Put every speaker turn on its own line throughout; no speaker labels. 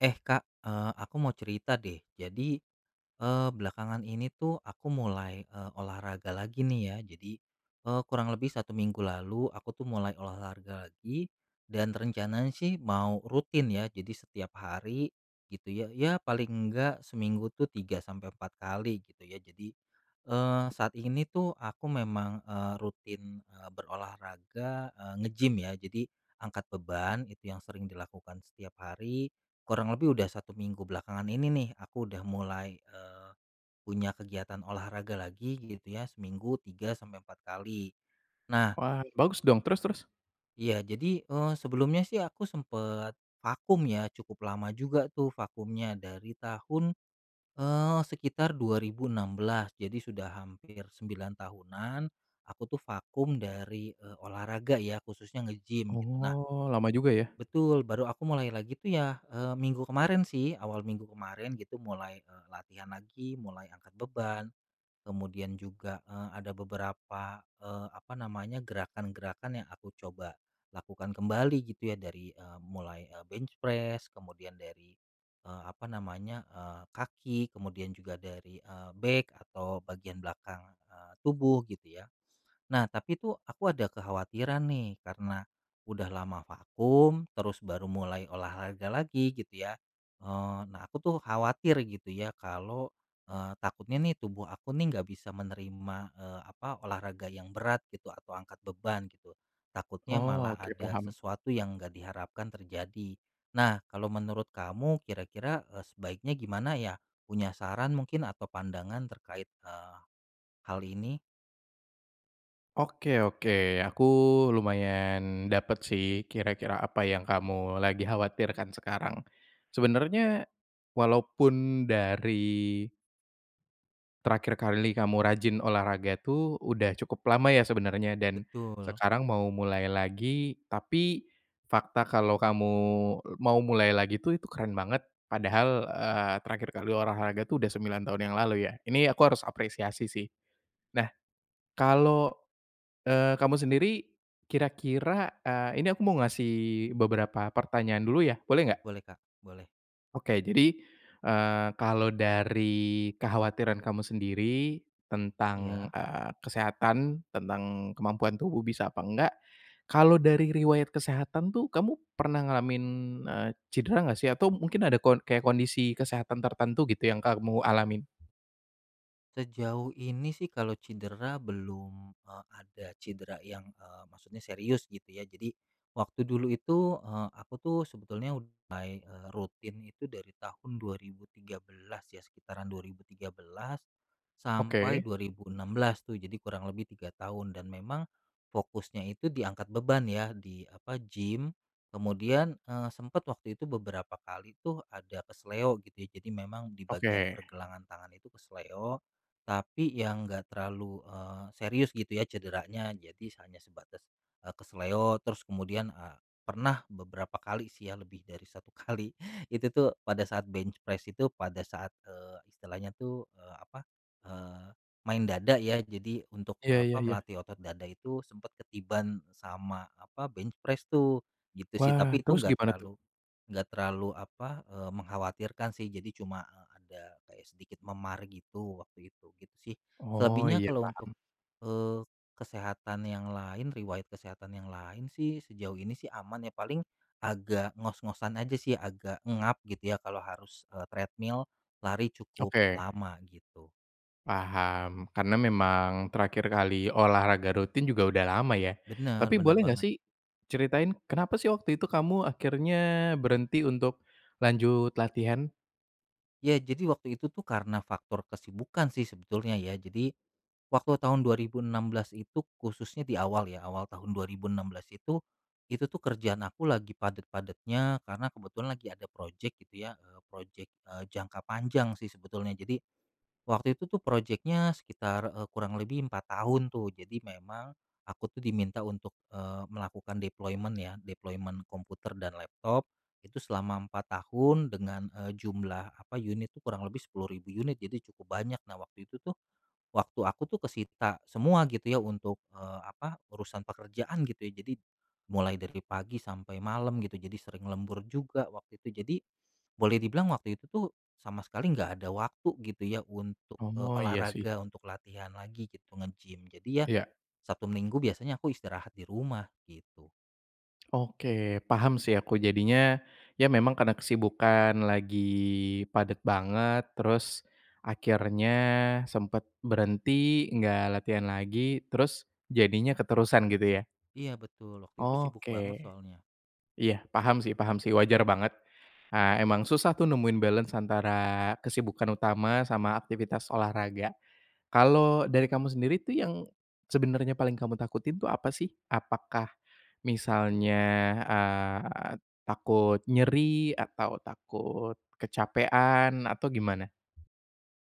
Eh, Kak, eee, aku mau cerita deh jadi, eee, belakangan ini tuh aku mulai, eee, olahraga lagi nih ya jadi, eee, kurang lebih 1 minggu lalu aku tuh mulai olahraga lagi dan rencananya sih mau rutin ya jadi setiap hari gitu ya. Ya paling nggak seminggu tuh 3 sampai 4 kali gitu ya. Jadi, eee, saat ini tuh aku memang, eee, rutin, eee, berolahraga, eee, nge-gym ya jadi angkat beban itu yang sering dilakukan setiap hari kurang lebih udah 1 minggu belakangan ini nih aku udah mulai, eee, punya kegiatan olahraga lagi gitu ya seminggu 3 sampai 4 kali. Nah
Wah bagus dong, terus terus?
Iya, jadi, eee, sebelumnya sih aku sempet vakum ya cukup lama juga tuh vakumnya dari tahun, eee, sekitar 2016 jadi sudah hampir 9 tahunan aku tuh vakum dari, eee, olahraga ya khususnya nge-gym gitu. Nah
Oh, lama juga ya?
Betul, baru aku mulai lagi tuh ya, eee, minggu kemarin sih awal minggu kemarin gitu mulai, eee, latihan lagi mulai angkat beban, kemudian juga, eee, ada beberapa, eee, apa namanya gerakan-gerakan yang aku coba lakukan kembali gitu ya dari, eee, mulai, eee, bench press, kemudian dari, eee, apa namanya, eee, kaki, kemudian juga dari, eee, back atau bagian belakang, eee, tubuh gitu ya. Nah tapi tuh aku ada kekhawatiran nih karena udah lama vakum terus baru mulai olahraga lagi gitu ya. Eee, nah aku tuh khawatir gitu ya kalau, eee, takutnya nih tubuh aku nih nggak bisa menerima, eee, apa olahraga yang berat gitu atau angkat beban gitu, takutnya
Oh
malah
oke,
ada
paham.
sesuatu yang nggak diharapkan terjadi. Nah kalau menurut kamu kira-kira, eee, sebaiknya gimana ya punya saran mungkin atau pandangan terkait, eee, hal ini?
Oke oke, aku lumayan dapat sih kira-kira apa yang kamu lagi khawatirkan sekarang sebenarnya walaupun dari terakhir kali kamu rajin olahraga tuh udah cukup lama ya sebenarnya dan
Betul.
sekarang mau mulai lagi, tapi fakta kalau kamu mau mulai lagi tuh itu keren banget padahal, eee, terakhir kali olahraga tuh udah 9 tahun yang lalu ya, ini aku harus apresiasi sih. Nah kalau, eee, kamu sendiri kira-kira, eee, ini aku mau ngasih beberapa pertanyaan dulu ya, boleh enggak?
Boleh, Kak, boleh.
Oke, jadi, eee, kalau dari kekhawatiran kamu sendiri, tentang,
Iya.
eee, kesehatan, tentang kemampuan tubuh bisa apa enggak, kalau dari riwayat kesehatan tuh, kamu pernah ngalamin, eee, cidera enggak sih? Atau mungkin ada ko kayak kondisi kesehatan tertentu gitu, yang kamu alamin?
Sejauh ini sih kalau cidera belum, eee, ada cidera yang, eee, maksudnya serius gitu ya. Jadi, waktu dulu itu, eee, aku tuh sebetulnya ud mulai, eee, rutin itu dari tahun 2013 ya, sekitaran 2013, sampai
Oke.
2016 tuh. Jadi kurang lebih 3 tahun. Dan memang, fokusnya itu diangkat beban ya, di, apa, gym. Kemudian, eee, sempat waktu itu beberapa kali tuh ada keseleo gitu ya. Jadi memang di bagian
Oke.
pergelangan tangan itu keseleo, tapi yang enggak terlalu, eee, serius gitu ya cederanya. Jadi hanya sebatas, eee, keseleo. Terus kemudian, eee, pernah beberapa kali sih ya, lebih dari 1 kali, itu tuh pada saat bench press itu, pada saat, eee, istilahnya tuh, eee, apa, eee, main dada ya. Jadi untuk,
Iya
eee,
iya
apa,
iya.
melatih otot dada itu, sempat ketiban sama, apa, bench press tuh. Gitu sih,
Wah,
tapi itu
terus
nggak
gimana tuh?
terlalu nggak terlalu, apa, eee, mengkhawatirkan sih. Jadi cuma, eee, ada kayak sedikit memar gitu waktu itu. Gitu sih.
Oh
Selebihnya
ya,
kalau untuk,
paham.
eee, kesehatan yang lain, riwayat kesehatan yang lain sih, sejauh ini sih aman ya. Paling agak ngos-ngosan aja sih, agak engap gitu ya kalau harus, eee, treadmill, lari cukup
Oke.
lama. Gitu.
Paham, karena memang terakhir kali olahraga rutin juga udah lama ya?
Benar,
Tapi
benar
boleh nggak
banget.
sih ceritain, kenapa sih waktu itu kamu akhirnya berhenti untuk lanjut latihan?
Iya, jadi waktu itu tuh, karena faktor kesibukan sih sebetulnya ya. Jadi, waktu tahun 2016 itu, khususnya di awal ya, awal tahun 2016 itu. Itu tuh kerjaan aku lagi padat-padatnya, karena kebetulan lagi ada projek gitu ya, eee, projek, eee, jangka panjang sih sebetulnya. Jadi, waktu itu tuh projeknya sekitar, eee, kurang lebih 4 tahun tuh. Jadi memang aku tuh diminta untuk, eee, melakukan deployment ya, deployment komputer dan laptop, itu selama 4 tahun, dengan, eee, jumlah, apa, unit tuh kurang lebih 10.000 unit, jadi cukup banyak. Nah, waktu itu tuh, waktu aku tuh kesita semua gitu ya untuk, eee, apa, urusan pekerjaan gitu ya. Jadi mulai dari pagi sampai malam gitu, jadi sering lembur juga waktu itu. Jadi boleh dibilang waktu itu tuh sama sekali nggak ada waktu gitu ya untuk, eee,
Oh iya sih.
olahraga, untuk latihan lagi gitu, nge-gym. Jadi ya,
Iya.
Sabtu, Minggu biasanya aku istirahat di rumah gitu.
Oke, paham sih aku jadinya. Ya, memang karena kesibukan lagi padat banget, terus akhirnya sempat berhenti, enggak latihan lagi. Terus jadinya keterusan gitu, ya?
Iya betul, waktu itu sibuk banget
Oke.
soalnya.
Iya, paham sih paham sih, wajar banget. Eee, emang susah tuh nemuin balance antara kesibukan utama sama aktivitas olahraga. Kalau dari kamu sendiri tuh, yang sebenarnya paling kamu takutin tuh apa sih? Apakah, misalnya, eee, takut nyeri, atau takut kecapekan, atau gimana?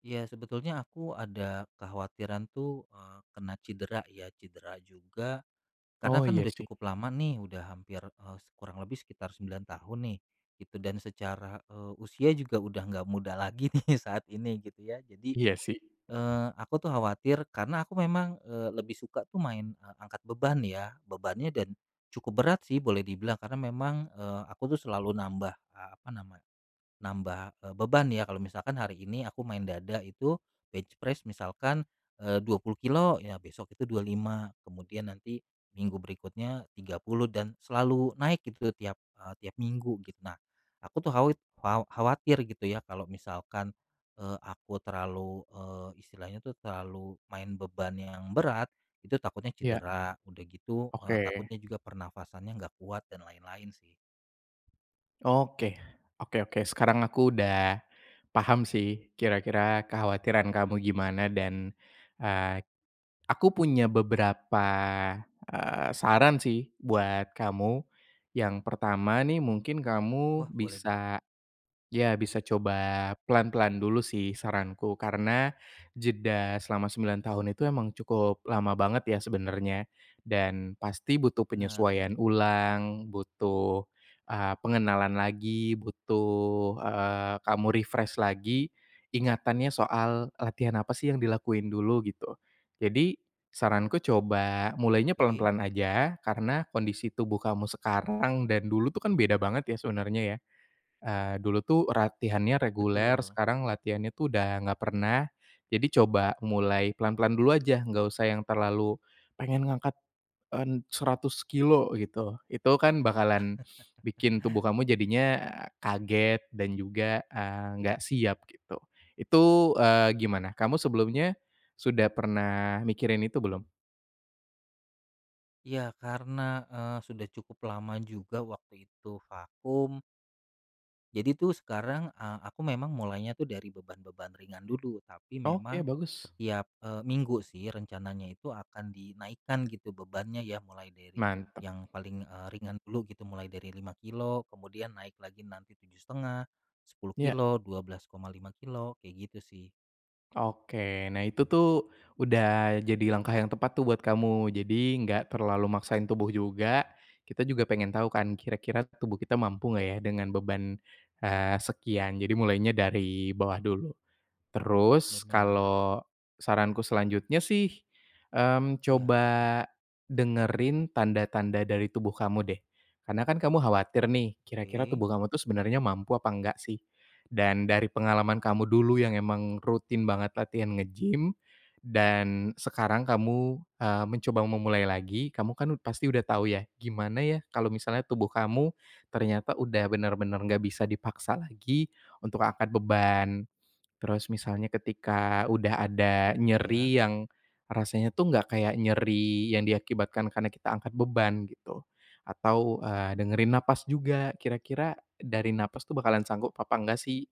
Iya, sebetulnya aku ada kekhawatiran tuh, eee, kena cedera ya, cedera juga. Karena
Oh
kan
ya
udah
sih.
cukup lama nih, udah hampir, eee, kurang lebih sekitar 9 tahun nih, gitu. Dan secara, eee, usia juga udah nggak muda lagi nih saat ini, gitu ya. Jadi,
Iya sih.
eee, aku tuh khawatir, karena aku memang, eee, lebih suka tuh main angkat beban, ya, bebannya cukup berat sih. Boleh dibilang karena memang, eee, aku tuh selalu nambah, eee, apa namanya, nambah e beban ya. Kalau misalkan hari ini aku main dada, itu bench press misalkan, eee, 20 kilogram, ya besok itu 25, kemudian nanti minggu berikutnya 30. Dan selalu naik gitu tiap, eee, tiap minggu gita. Nah, aku tuh khawit kha khawatir gitu ya, kalau misalkan, eee, aku terlalu, eee, istilahnya tuh terlalu main beban yang berat, itu takutnya
Iya.
cedera. Udah gitu, eee,
Oke.
takutnya juga pernapasannya nggak kuat dan lain-lain sih.
Oke, oke oke. Sekarang aku udah paham sih, kira-kira kekhawatiran kamu gimana. Dan, eee, aku punya beberapa, eee, saran sih buat kamu. Yang pertama nih, mungkin
Wah,
kamu
boleh.
bisa ya bisa coba pelan-pelan dulu sih saranku. Karena jeda selama 9 tahun itu emang cukup lama banget ya, sebenarnya. Dan pasti butuh
Benar benar.
penyesuaian ulang, butuh, eee, pengenalan lagi, butuh, eee, kamu refresh lagi ingatannya soal, "Latihan apa sih yang dilakuin dulu." gitu. Jadi, saranku coba mulainya
Oke.
pelan-pelan aja. Karena kondisi tubuh kamu sekarang dan dulu tuh kan beda banget ya, sebenarnya. Eee, dulu tuh latihannya reguler,
Betul.
sekarang latihannya tuh udah nggak pernah. Jadi coba mulai pelan-pelan dulu aja, nggak usah yang terlalu pengen ngangkat en 100 kilogram, gitu. Itu kan bakalan bikin tubuh kamu jadinya, eee, kaget, dan juga, eee, nggak siap gitu. Itu, eee, gimana? Kamu sebelumnya sudah pernah mikirin itu belum?
Iya, karena, eee, sudah cukup lama juga waktu itu vakum. Jadi tuh sekarang, eee, aku memang mulainya tuh dari beban-beban ringan dulu. Tapi memang,
Oke, bagus.
setiap, eee, minggu sih, rencananya itu akan dinaikkan gitu bebannya ya. Mulai dari
Mantap.
yang paling, eee, ringan dulu gitu, mulai dari 5 kilogram, kemudian naik lagi nanti 7,5, sepuluh
Iya.
kilo, 12,5 kilogram, kayak gitu sih.
Oke, nah itu tuh, udah jadi langkah yang tepat tuh buat kamu. Jadi enggak terlalu maksain tubuh juga. Kita juga pengen tahu kan, kira-kira tubuh kita mampu enggak ya dengan beban, eee, sekian. Jadi mulainya dari bawah dulu. Terus
Benar.
kalau saranku selanjutnya sih, mmm,
Iya
coba
apa tuh?
dengerin tanda-tanda dari tubuh kamu deh, karena kan kamu khawatir nih, kira-kira
Oke.
tubuh kamu tuh sebenarnya mampu apa enggak sih? Dan dari pengalaman kamu dulu yang emang rutin banget latihan nge-gym dan sekarang kamu, eee, mencoba memulai lagi, kamu kan pasti udah tahu ya gimana ya kalau misalnya tubuh kamu ternyata udah benar-benar nggak bisa dipaksa lagi untuk angkat beban. Terus misalnya ketika udah ada
Iya.
nyeri yang rasanya tuh enggak kayak nyeri yang diakibatkan karena kita angkat beban gitu, atau, eee, dengerin nafas juga, kira-kira dari nafas tuh bakalan sanggup apa enggak sih?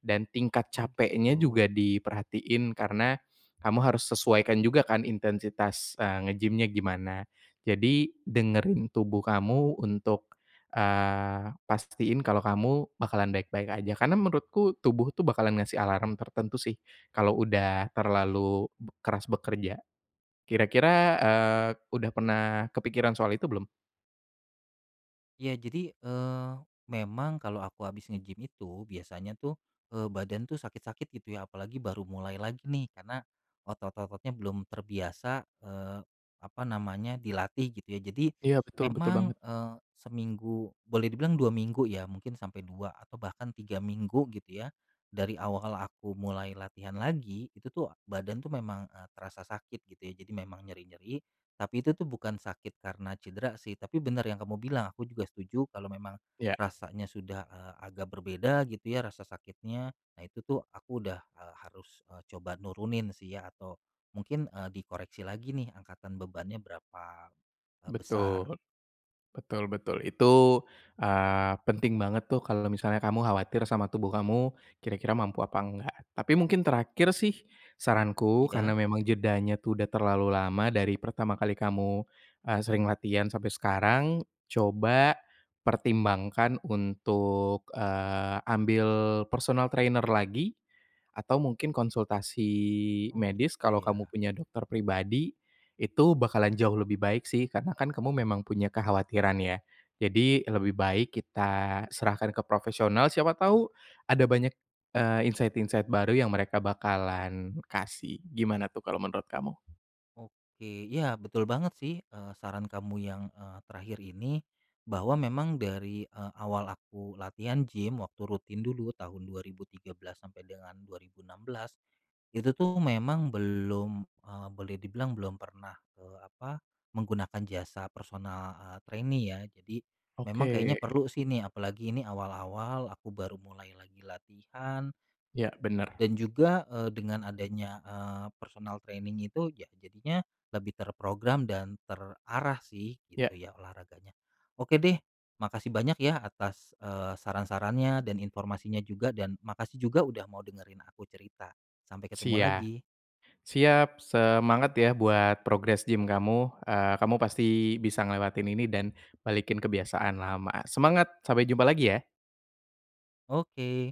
Dan tingkat
Oh
capeknya
gitu.
juga diperhatiin, karena kamu harus sesuaikan juga kan intensitas, eee, nge-gym-nya gimana. Jadi dengerin tubuh kamu untuk, eee, pastiin kalau kamu bakalan baik-baik aja. Karena menurutku tubuh tuh bakalan ngasih alarm tertentu sih kalau udah
Benar sih.
terlalu keras bekerja. Kira-kira, eee, udah pernah kepikiran soal itu belum?
Ya jadi, eee, memang kalau aku abis nge-gym itu, biasanya tuh, eee, badan tuh sakit-sakit gitu ya, apalagi baru mulai lagi nih karena otot-ototnya belum terbiasa, eee, apa namanya, dilatih gitu ya. Jadi
Iya betul, betul
memang
banget.
,eee, seminggu boleh dibilang 2 minggu ya, mungkin sampai 2 atau bahkan 3 minggu gitu ya. Dari awal aku mulai latihan lagi, itu tuh badan tuh memang, eee, terasa sakit gitu ya. Jadi memang nyeri-nyeri, tapi itu tuh bukan sakit karena cedera sih. Tapi benar yang kamu bilang, aku juga setuju kalau memang
Iya.
rasanya sudah, eee, agak berbeda gitu ya rasa sakitnya. Nah itu tuh aku udah, eee, harus, eee, coba nurunin sih ya, atau mungkin, eee, dikoreksi lagi nih angkatan bebannya berapa, eee, besar.
Betul, betul betul. Itu, eee, penting banget tuh kalau misalnya kamu khawatir sama tubuh kamu, kira-kira mampu apa enggak. Tapi mungkin terakhir sih, saranku,
Iya.
karena memang jedanya tuh sudah terlalu lama dari pertama kali kamu, eee, sering latihan sampai sekarang, coba pertimbangkan untuk, eee, ambil personal trainer lagi, atau mungkin konsultasi
Oh
medis.
gitu
Kalau kamu
ya.
punya dokter pribadi, itu bakalan jauh lebih baik sih, karena kan kamu memang punya kekhawatiran ya? Jadi lebih baik kita serahkan ke profesional, siapa tahu ada banyak, eee, insight-insight, eee, baru yang mereka bakalan kasih. Gimana tuh kalau menurut kamu?
Oke, ya betul banget sih, eee, saran kamu yang, eee, terakhir ini, bahwa memang dari, eee, awal aku latihan gym, waktu rutin dulu tahun 2013 sampai dengan 2016, itu tuh memang belum, eee, boleh dibilang belum pernah, eee, apa, menggunakan jasa, personal, eee, trainee ya. Jadi memang kayaknya
Oke.
perlu sih nih, apalagi ini awal-awal aku baru mulai lagi latihan
Iya, benar.
dan juga, eee, dengan adanya, eee, personal training itu, ya, jadinya lebih terprogram dan terarah sih gitu
Iya.
ya olahraganya. Oke deh, makasih banyak ya atas, eee, saran-sarannya dan informasinya juga, dan makasih juga udah mau dengerin aku cerita. Sampai ketemu
Sia
lagi.
siap, semangat ya buat progress gym kamu, eee, kamu pasti bisa ngelewatin ini dan balikin kebiasaan lama. Semangat, sampai jumpa lagi ya.
Oke.